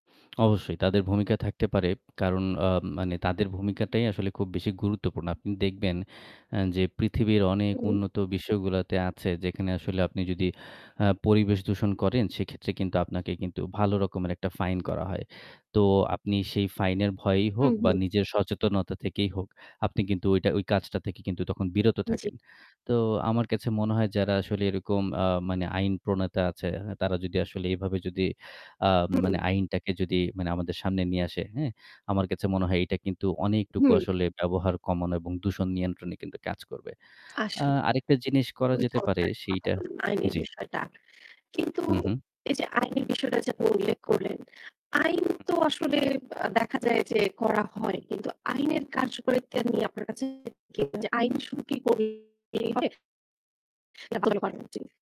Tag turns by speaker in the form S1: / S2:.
S1: অবশ্যই তাদের ভূমিকা থাকতে পারে। কারণ আ মানে তাদের ভূমিকাটাই আসলে খুব বেশি গুরুত্বপূর্ণ। আপনি দেখবেন এ্যা যে পৃথিবীর অনেক
S2: হু।
S1: উন্নত বিশ্বগুলোতে আছে যেখানে আসলে আপনি যদি আ পরিবেশ দূষণ করেন সেক্ষেত্রে কিন্তু আপনাকে কিন্তু ভালো রকমের একটা ফাইন করা হয়। তো আপনি সেই ফাইনের ভয়েই
S2: হু,
S1: হোক বা
S2: হু।
S1: নিজের সচেতনতা থেকেই হোক, আপনি কিন্তু ওইটা ওই কাজটা থেকে কিন্তু তখন বিরত
S2: জ্বী।
S1: থাকেন। তো আমার কাছে মনে হয় যারা আসলে এরকম আ মানে আইন প্রণেতা আছে তারা যদি আসলে এভাবে যদি আ মানে
S2: হুম।
S1: আইনটাকে যদি মানে আমাদের সামনে নিয়ে আসে, হ্যা? আমার কাছে মনে হয় এটা কিন্তু অনেকটুকু
S2: হুম।
S1: আসলে ব্যবহার কমানো এবং দূষণ নিয়ন্ত্রণে কিন্তু কাজ করবে। আ
S2: আসলেই।
S1: আরেকটা জিনিস করা
S2: খুবি
S1: যেতে পারে
S2: চমতকার একটি কথা
S1: সেইটা
S2: বললেন, আইনের
S1: জ্বি।
S2: বিষয়টা। কিন্তু
S1: হু, হু।
S2: এই যে আইনের বিষয়টা যে আপনি উল্লেখ করলেন, আইন
S1: হু।
S2: তো আসলে আ দেখা যায় যে করা হয়। কিন্তু আইনের কার্যকারিতা নিয়ে আপনার কাছে আইন শুরু করলেই হবে? [unintelligible]